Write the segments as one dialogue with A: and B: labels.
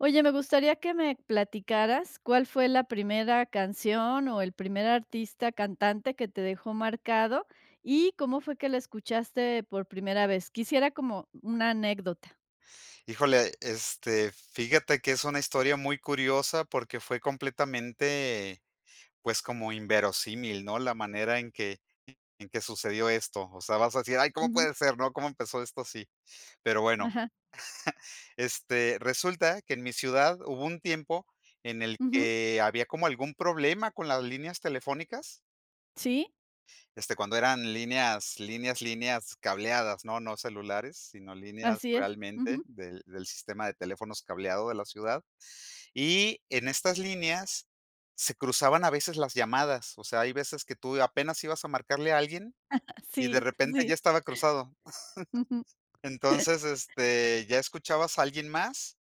A: Oye, me gustaría que me platicaras, ¿cuál fue la primera canción, o, el primer artista, cantante, que te dejó marcado, y cómo fue que la escuchaste por primera vez? Quisiera como una anécdota.
B: Híjole, este, fíjate que es una historia muy curiosa, porque fue completamente, pues, como inverosímil, ¿no? La manera en que en que sucedió esto. O sea, vas a decir: "Ay, ¿cómo
A: Ujú.
B: puede ser?, ¿no?, ¿cómo empezó esto así?". Pero bueno.
A: Ajá.
B: Este, resulta que en mi ciudad hubo un tiempo en el
A: Ujú.
B: que había como algún problema con las líneas telefónicas.
A: Sí.
B: Este, cuando eran líneas líneas líneas cableadas, ¿no? No celulares, sino líneas
A: Así es.
B: realmente
A: Ujú.
B: del del sistema de teléfonos cableado de la ciudad. Y en estas líneas, se cruzaban a veces las llamadas, o sea, hay veces que tú apenas ibas a marcarle a alguien, y de
A: Sí,
B: repente ya
A: sí.
B: estaba cruzado.
A: Ujú.
B: Entonces este, ya escuchabas a alguien más.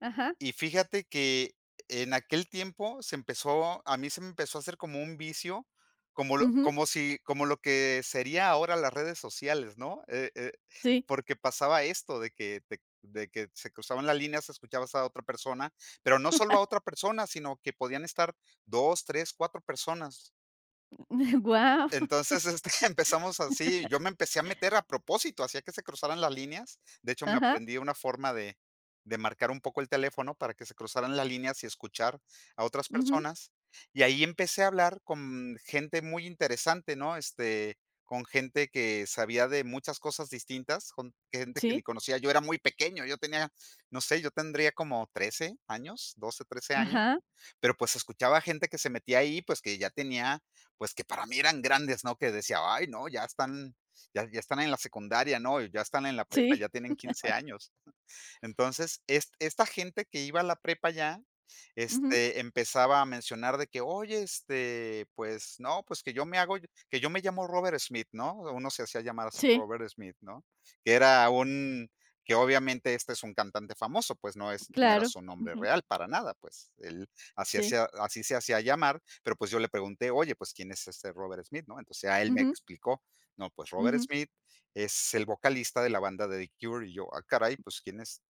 A: Ajá.
B: Y fíjate que en aquel tiempo se empezó a mí se me empezó a hacer como un vicio, como lo
A: Ujú.
B: como si como lo que sería ahora las redes sociales, ¿no? Eh eh,
A: Sí.
B: porque pasaba esto de que te de que se cruzaban las líneas, escuchabas a otra persona, pero no solo a otra persona, sino que podían estar 2, 3, 4 personas.
A: Guau.
B: Entonces este, empezamos así,y yo me empecé a meter a propósito, hacía que se cruzaran las líneas. De hecho, me
A: Ajá.
B: aprendí una forma de de marcar un poco el teléfono para que se cruzaran las líneas y escuchar a otras
A: Ujú.
B: personas. Y ahí empecé a hablar con gente muy interesante, ¿no? Este, con gente que sabía de muchas cosas distintas, con gente que
A: Sí.
B: ni conocía. Yo era muy pequeño. Yo tenía, no sé, yo tendría como 13 años, 12, 13 años.
A: Ajá.
B: Pero pues escuchaba gente que se metía ahí, pues, que ya tenía, pues, que para mí eran grandes, ¿no? Que decía: "Ay, no, ya están ya ya están en la secundaria, ¿no? Y ya están en la prepa,
A: Sí.
B: ya tienen 15 años". Entonces es esta gente que iba a la prepa ya,
A: Ujú.
B: este, empezaba a mencionar de que: "Oye, este, pues no, pues que yo me hago que yo me llamo Robert Smith, ¿no?". Uno se hacía llamar así,
A: Sí.
B: Robert Smith, ¿no? Que era un que obviamente, este, es un cantante famoso, pues, no es no era
A: Claro.
B: su nombre
A: Ujú.
B: real, para nada. Pues, él así
A: Sí.
B: hacía así se hacía llamar, pero, pues, yo le pregunté: "Oye, pues, ¿quién es este Robert Smith, ¿no?". Entonces ya él me
A: Ujú.
B: explicó: "¿No? Pues Robert
A: Ujú.
B: Smith es el vocalista de la banda de The Cure". Y yo: "Ah caray, pues quiénes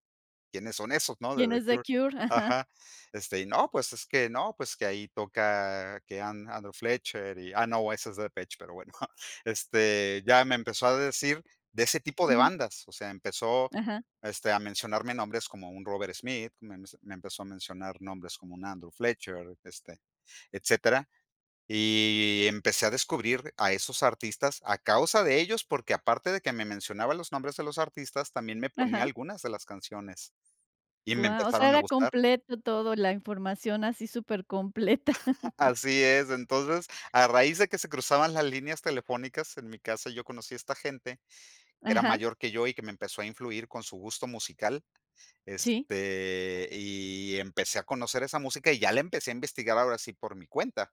B: quiénes son esos, ¿no?, de
A: Quién
B: The
A: es The
B: Cure".
A: Cure, ajá.
B: Ajá. Este, y: "No, pues es que no, pues que ahí toca que Andrew Fletcher", y Ah, no, ese es Depeche, pero bueno,. Este, ya me empezó a decir de ese tipo de
A: Ujú.
B: bandas. O sea, empezó,
A: Ajá.
B: este, a mencionarme nombres como un Robert Smith, me men me empezó a mencionar nombres como un Andrew Fletcher, este, etcétera. Y empecé a descubrir a esos artistas a causa de ellos porque, aparte de que me mencionaba los nombres de los artistas, también me ponía
A: Ajá.
B: algunas de las canciones, y me
A: Guau, o
B: empezaron
A: sea,
B: a
A: era
B: gustar.
A: completo todo, la información, así supercompleta.
B: Así es. Entonces a raíz de que se cruzaban las líneas telefónicas en mi casa yo conocí a esta gente que era
A: Ajá.
B: mayor que yo, y que me empezó a influir con su gusto musical.
A: Sí.
B: Este, y empecé a conocer esa música, y ya la empecé a investigar ahora sí por mi cuenta.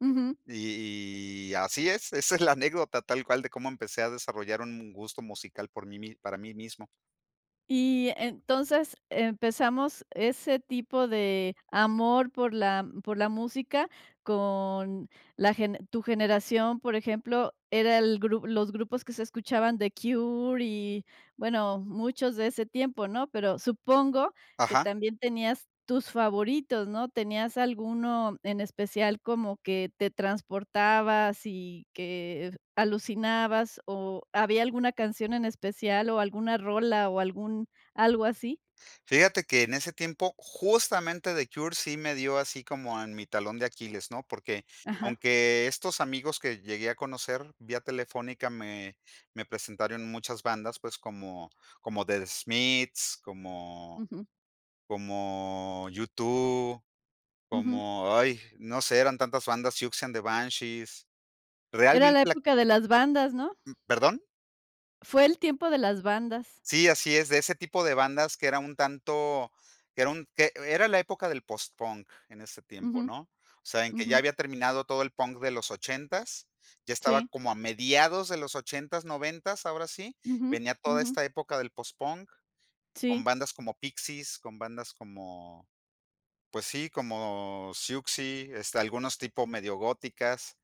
A: Ujú.
B: Y así es. Esa es la anécdota tal cual de cómo empecé a desarrollar un gusto musical por mí mis para mí mismo.
A: Y entonces empezamos ese tipo de amor por la por la música con la gene tu generación, por ejemplo, era el gru los grupos que se escuchaban, The Cure y, bueno, muchos de ese tiempo, ¿no? Pero, supongo que
B: Ajá.
A: también tenías tus favoritos, ¿no? ¿Tenías alguno en especial, como que te transportabas y que alucinabas, o había alguna canción en especial o alguna rola o algún algo así?
B: Fíjate que en ese tiempo, justamente The Cure sí me dio así como en mi talón de Aquiles, ¿no? Porque,
A: Ajá.
B: aunque estos amigos que llegué a conocer vía telefónica me me presentaron muchas bandas, pues como como The Smiths, como
A: Ujú.
B: como U2,
A: Ujú.
B: como, ay, no sé, eran tantas bandas, Siouxsie And The Banshees.
A: Era
B: Realmente
A: la
B: la
A: época de las bandas, ¿no?
B: Mm, ¿perdón?
A: Fue el tiempo de las bandas.
B: Sí, así es, de ese tipo de bandas que era un tanto que era un que era la época del postpunk en ese tiempo,
A: Ujú.
B: ¿no? O sea, en que ya
A: Ujú.
B: había terminado todo el punk de los ochentas, ya estaba
A: Sí.
B: como a mediados de los ochentas, noventas, ahora sí,
A: Ujú,
B: venía toda
A: ujú.
B: esta época del postpunk, con
A: Sí.
B: bandas como Pixies, con bandas como, pues sí, como Siouxsie, este, algunos tipos medio góticas,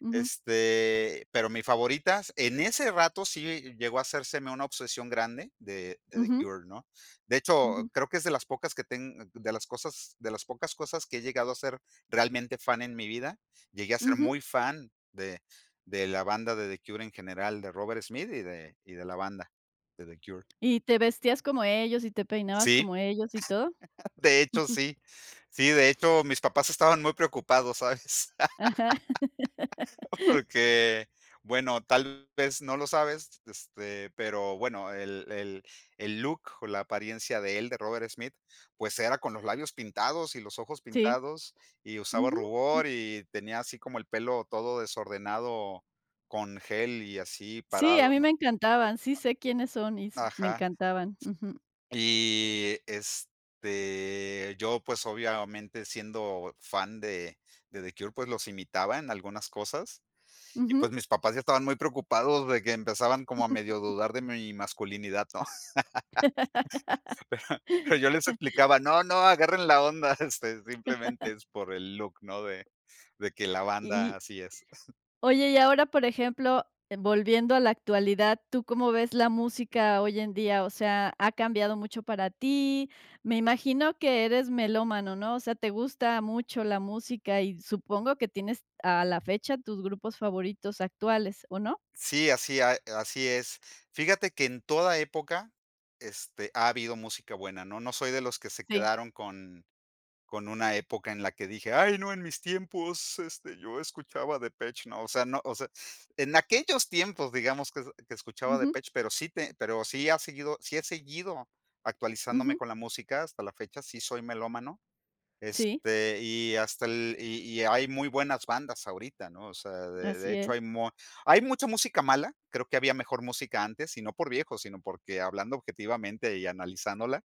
A: Ujú.
B: este, pero mis favoritas en ese rato sí llegó a hacérseme una obsesión grande de de The
A: Ujú.
B: Cure, ¿no? De hecho,
A: Ujú.
B: creo que es de las pocas que teng de las cosas de las pocas cosas que he llegado a ser realmente fan en mi vida, llegué a ser
A: Ujú.
B: muy fan de de la banda de The Cure en general, de Robert Smith y de y de la banda, de The Cure.
A: ¿Y te vestías como ellos y te peinabas
B: Sí.
A: como ellos y todo?
B: De hecho sí. Sí, de hecho mis papás estaban muy preocupados, ¿sabes?
A: Ajá.
B: Porque, bueno, tal vez no lo sabes este, pero bueno, el el el look o la apariencia de él, de Robert Smith, pues era con los labios pintados y los ojos
A: Sí.
B: pintados, y usaba
A: Ujú. Mm.
B: rubor y tenía, así como el pelo todo desordenado con gel y así
A: Sí, a
B: parado,
A: mí
B: ¿no?
A: me encantaban, sí sé quiénes son y s me
B: Ajá.
A: encantaban. Ujú.
B: Y este, yo pues, obviamente, siendo fan de de The Cure, pues, los imitaba en algunas cosas. Y, pues,
A: Ujú.
B: mis papás ya estaban muy preocupados de que empezaban como a medio dudar de mi masculinidad, ¿no? Pero pero yo les explicaba, no, no, agarren la onda, este, simplemente es por el look ¿no? De de que la banda,
A: Y
B: así es.
A: Oye, y ahora, por ejemplo, volviendo a la actualidad, ¿tú cómo ves la música hoy en día? O sea, ha cambiado mucho para ti. Me imagino que eres melómano, ¿no? O sea, te gusta mucho la música y supongo que tienes a la fecha tus grupos favoritos actuales, ¿o no?
B: Sí, así, a así es. Fíjate que en toda época, este, ha habido música buena, ¿no? No soy de los que se
A: Sí.
B: quedaron con con una época en la que dije, ay no, en mis tiempos, este, yo escuchaba Depeche, ¿no? O sea, no, o sea, en aquellos tiempos digamos que que escuchaba
A: Ujú.
B: Depeche pero sí te pero sí ha seguido sí he seguido actualizándome
A: Ujú.
B: con la música hasta la fecha sí soy melómano,
A: Sí.
B: este y hasta el y y hay muy buenas bandas ahorita, ¿no? O sea de de
A: Así
B: hecho hay
A: es.
B: mu hay mucha música mala, creo que había mejor música antes y no por viejo sino porque hablando objetivamente y analizándola,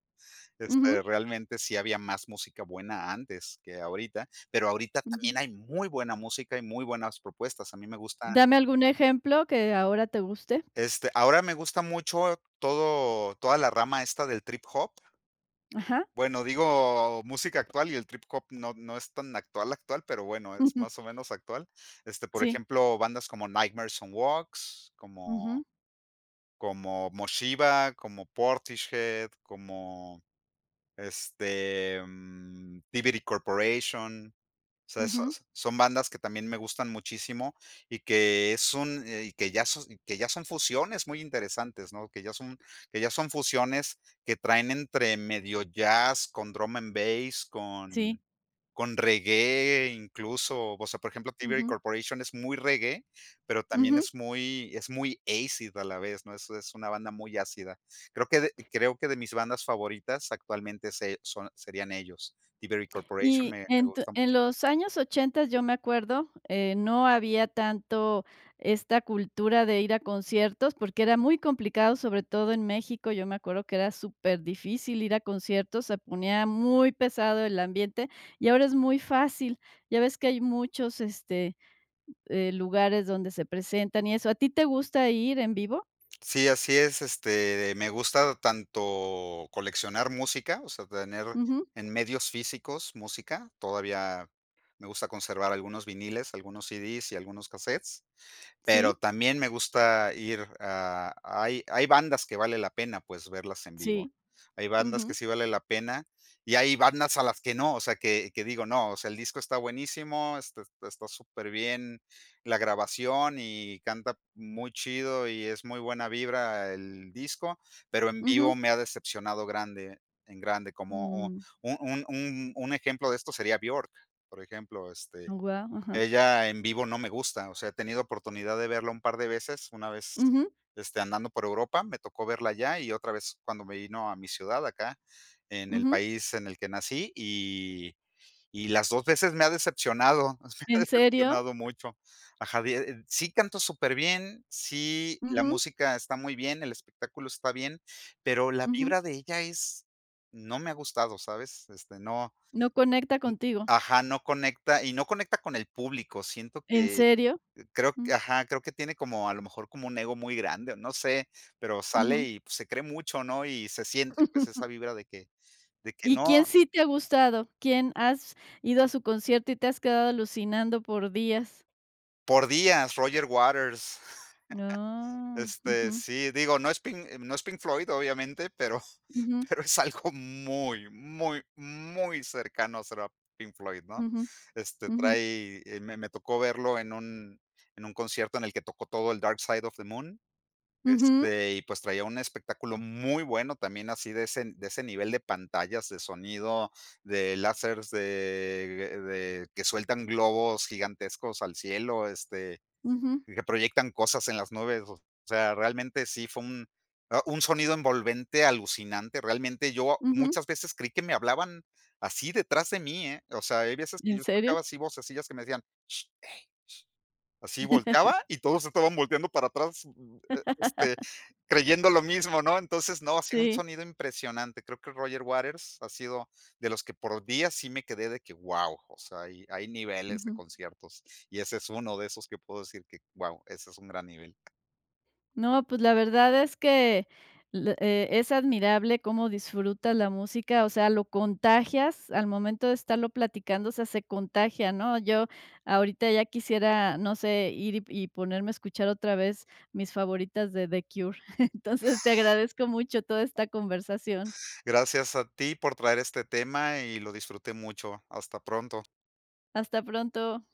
B: este,
A: Ujú.
B: realmente sí había más música buena antes que ahorita pero ahorita
A: Ujú.
B: también hay muy buena música y muy buenas propuestas a mí me gusta
A: Dame algún ejemplo que ahora te guste.
B: Este, ahora me gusta mucho todo toda la rama esta del trip hop.
A: Ajá.
B: Bueno, digo música actual y el trip hop no no es tan actual actual, pero bueno, es más o menos actual. Este, por
A: Sí.
B: ejemplo, bandas como Nightmare Sun Walks, como
A: Ujú.
B: como Moshiba, como Portishhead, como este, mm,Thievery Corporation. O sea,
A: Ujú.
B: esas son bandas que también me gustan muchísimo y que es un, eh, que ya son que ya son fusiones muy interesantes, ¿no? Que ya son que ya son fusiones que traen entre medio jazz con drum and bass, con
A: Sí.
B: con reggae incluso, o sea, por ejemplo Thievery
A: Ujú.
B: Corporation es muy reggae, pero también
A: Ujú.
B: es muy es muy acid a la vez, ¿no? Eso es una banda muy ácida. Creo que, creo que de mis bandas favoritas actualmente son, eh, serían ellos. Thievery Corporation,
A: Y
B: me me
A: en tu
B: gusta mucho.
A: en los años ochentas, yo me acuerdo, eh, no había tanto esta cultura de ir a conciertos, porque era muy complicado, sobre todo en México, yo me acuerdo que era superdifícil ir a conciertos, se ponía muy pesado el ambiente, y ahora es muy fácil. Ya ves que hay muchos, este, eh, lugares donde se presentan y eso. ¿A ti te gusta ir en vivo?
B: Sí, así es. Este, me gusta tanto coleccionar música, o sea, tener
A: Ujú.
B: en medios físicos música, todavía me gusta conservar algunos vinilos, algunos CDs y algunos casetes. Pero
A: ¿Sí?
B: también me gusta ir a hay hay bandas que vale la pena, pues, verlas en vivo.
A: Sí.
B: Hay bandas que
A: Ujú.
B: sí vale la pena y hay bandas a las que no, o sea, que que digo no. O sea el disco está buenísimo. Está está súper bien la grabación y canta muy chido y es muy buena vibra el disco, pero en vivo
A: Ujú.
B: me ha decepcionado grande, en grande, como un
A: Mm.
B: un un un un ejemplo de esto sería Björk, por ejemplo, este,
A: Guau, ajá.
B: ella en vivo no me gusta, o sea, he tenido oportunidad de verla un par de veces, una vez
A: Ujú.
B: este, andando por Europa, me tocó verla allá y otra vez cuando me vino a mi ciudad acá, en el
A: Ujú.
B: país en el que nací y y las dos veces me ha decepcionado, me ha
A: ¿En serio?
B: decepcionado mucho, ajá de, sí canto superbién, sí, la
A: Ujú.
B: música está muy bien, el espectáculo está bien, pero la
A: Ujú.
B: vibra de ella es, no me ha gustado, ¿sabes? Este no,
A: No conecta contigo.
B: ajá, no conecta y no conecta con el público siento
A: ¿En
B: que,
A: serio?
B: creo
A: Mm.
B: que ajá, creo que tiene como a lo mejor como un ego muy grande o no sé, pero sale
A: Ujú.
B: y pues se cree mucho ¿no? Y se siente pues esa vibra de que de que
A: ¿Y
B: no.
A: quién sí te ha gustado? ¿Quién has ido a su concierto y te has quedado alucinando por días?
B: Por días. Roger Waters
A: Oh.
B: este,
A: Ujú.
B: sí digo no es no es Pink Floyd obviamente, pero
A: Ujú.
B: pero es algo muy, muy, muy cercano será Pink Floyd, ¿no?
A: Ujú,
B: Este,
A: ujú.
B: trae, me me tocó verlo en un en un concierto en el que tocó todo el Dark Side of the Moon.
A: Ujú.
B: Este, y pues, traía un espectáculo muy bueno también así de ese de ese nivel de de pantallas, de sonido, de lásers de de que sueltan globos gigantescos al cielo, este,
A: Ujú.
B: y que proyectan cosas en las nubes, o sea, realmente sí fue un un sonido envolvente alucinante. Realmente yo
A: Ujú.
B: muchas veces creí que me hablaban así detrás de mí, eh, o sea hay veces que
A: ¿En
B: yo
A: serio?
B: escuchaba así vocesillas que me decían: "Sh ey sh", así volteaba y todos estaban volteando para atrás, este, creyendo lo mismo, ¿no? Entonces no, ha sido un
A: Sí.
B: sonido impresionante creo que Roger Waters ha sido de los que, por días, sí me quedé de que, guau, o sea, hay hay niveles de
A: Ujú.
B: conciertos. Y ese es uno de esos que puedo decir que, guau, ese es un gran nivel.
A: No, pues, la verdad es que, eh, es admirable cómo disfrutas la música, o sea, lo contagias al momento de estarlo platicando, o sea, se contagia, ¿no? Yo, ahorita ya quisiera, no sé, ir y y ponerme a escuchar otra vez mis favoritas de The Cure. Entonces, te agradezco mucho toda esta conversación.
B: Gracias a ti por traer este tema y lo disfruté mucho. Hasta pronto.
A: Hasta pronto.